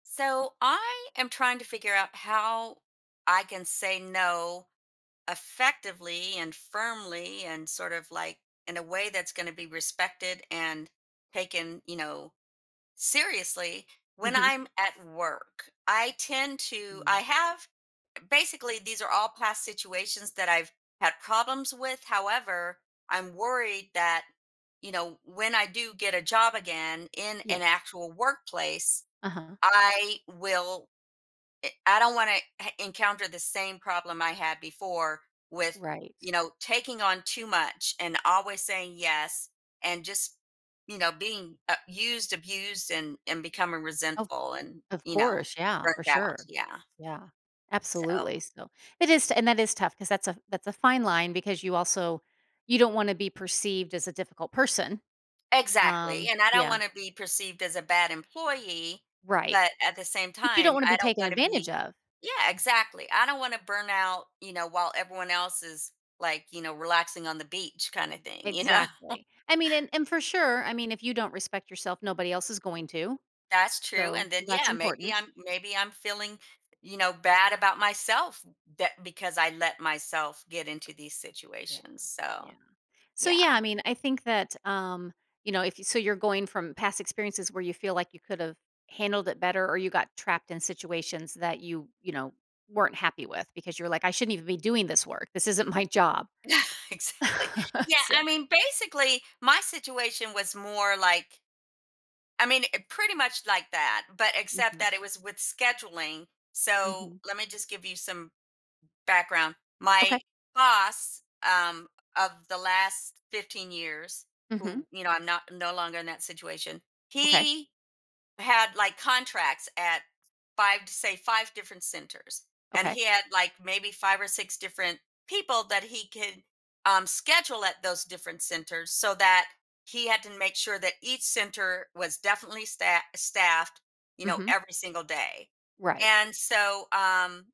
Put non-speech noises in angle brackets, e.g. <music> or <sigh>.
So, I am trying to figure out how I can say, "No." effectively and firmly, and sort of, like, in a way that's gonna be respected, and taken, you know, seriously, when Mhm. I'm at work. I tend to Mm. I have basically, these are all past situations that I've had problems with, however, I'm worried that, you know, when I do get a job again, in an Yes. actual workplace, Uh-huh. I will i I don't wanna heh encounter the same problem I had before with, Right. you know, taking on too much, and always saying, "Yes." And just, you know, being a used, abused, and and becoming Of resentful and, of you know, course, yeah, for burnt out sure. yeah Yeah, absolutely, so so, it is t and that is tough 'cause that's a that's a fine line because you also you don't wanna be perceived as a difficult person. Exactly, Um, and I don't yeah wanna be perceived as a bad employee, Right, but at the same but you don't time, wanna I be don't taken wanna advantage be of. Yeah, exactly. I don't wanna burn out, you know, while everyone else is, like, you know, relaxing on the beach, kinda thing, you know? Exactly, I mean, and and for sure, I mean, if you don't respect yourself, nobody else is going to. That's true, So, and then that's Yeah, maybe important. I'm maybe I'm feeling, you know, bad about myself th that because I let myself get into these Yeah, situations, yeah, so, so, yeah. yeah, I mean, I think that, um, you know, if you so, you're going from past experiences where you feel like you could of handled it better or you got trapped in situations that you, you know, weren't happy with because you're like, "I shouldn't even be doing this work. This isn't my job." <chuckles> Exactly. <chuckles> Yeah, So I mean, basically, my situation was more, like, I mean i pretty much like that, but except Mhm. that it was with scheduling, so, Mhm. let me just give you some background. My Okay. boss, um, of the last 15 years, Mhm. who, you know, I'm not no longer in that situation, Okay. he had, like, contracts at, 5 s say, 5 different centers, and Okay. he had, like, maybe 5 or 6 different people that he could, um, schedule at those different centers, so that he had to make sure that each center was definitely sta staffed, you know, Mhm. every single day. Right. And, so, um